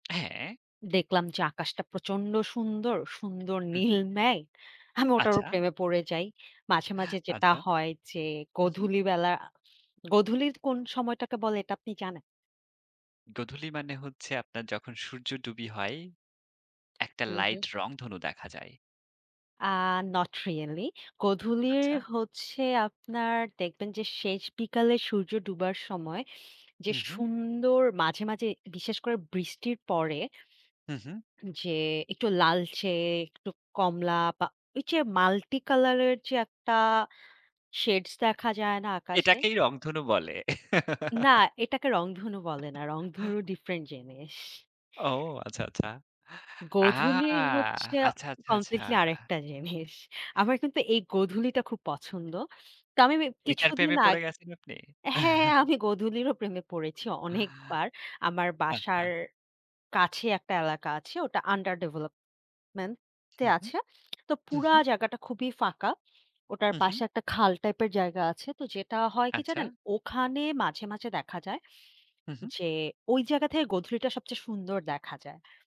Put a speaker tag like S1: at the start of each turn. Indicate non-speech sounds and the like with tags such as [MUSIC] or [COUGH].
S1: হ্যাঁ।
S2: দেখলাম যে আকাশটা প্রচন্ড সুন্দর। সুন্দর
S1: হুম,
S2: নীল
S1: হুম।
S2: মেঘ। আমি ওটারও
S1: আচ্ছা।
S2: প্রেমে পড়ে যাই। মাঝে, মাঝে যেটা
S1: আচ্ছা।
S2: হয়, যে
S1: হুম, হুম।
S2: গধূলি বেলা গধূলির কোন সময়টাকে বলে এটা আপনি জানেন?
S1: গধূলি মানে হচ্ছে, আপনার যখন সূর্য ডুবি হয়, একটা
S2: হুম, হুম।
S1: লাইট রংধনু দেখা যায়।
S2: আ not really. গধূলির
S1: আচ্ছা?
S2: হচ্ছে আপনার দেখবেন, যে শেষ বিকালে সূর্য ডুবার সময়, যে
S1: হুম, হুম।
S2: সুন্দর মাঝে, মাঝে বিশেষ করে বৃষ্টির পরে
S1: হুম, হুম।
S2: যে একটু লালচে, একটু কমলা বা ঐ যে multi-color এর যে একটা shades দেখা যায় না আকাশে?
S1: এটাকেই রংধনু বলে।
S2: না,
S1: [GIGGLES]
S2: এটাকে রংধনু বলে না। রংধনু
S1: [GIGGLES]
S2: different জিনিস।
S1: ও আচ্ছা, আচ্ছা। আ
S2: গধূলি হচ্ছে
S1: আচ্ছা, আচ্ছা, আচ্ছা।
S2: completely আরেকটা জিনিস। আমার কিন্তু এই গধূলিটা খুব পছন্দ। তো আমি মি
S1: ঐটার
S2: কিছুদিন
S1: প্রেমে
S2: আগ
S1: পড়ে গেছেন আপনি?
S2: হ্যাঁ, হ্যাঁ,
S1: [CHUCKLES]
S2: আমি গধূলিরও প্রেমে পড়েছি অনেকবার। আমার
S1: আচ্ছা।
S2: বাসার কাছে একটা এলাকা আছে। ওটা under development এ
S1: হুম, হুম।
S2: আছে। [TSK] তো
S1: হুম,
S2: পুরা
S1: হুম।
S2: জাগাটা খুবই ফাঁকা। ওটার
S1: হুম,
S2: পাশে
S1: হুম।
S2: একটা খাল টাইপের জায়গা আছে। তো যেটা হয় কি জানেন?
S1: আচ্ছা।
S2: ওখানে মাঝে, মাঝে দেখা যায়,
S1: হুম, হুম।
S2: যে ঐ জায়গা থেকে গধূলিটা সবচেয়ে সুন্দর দেখা যায়।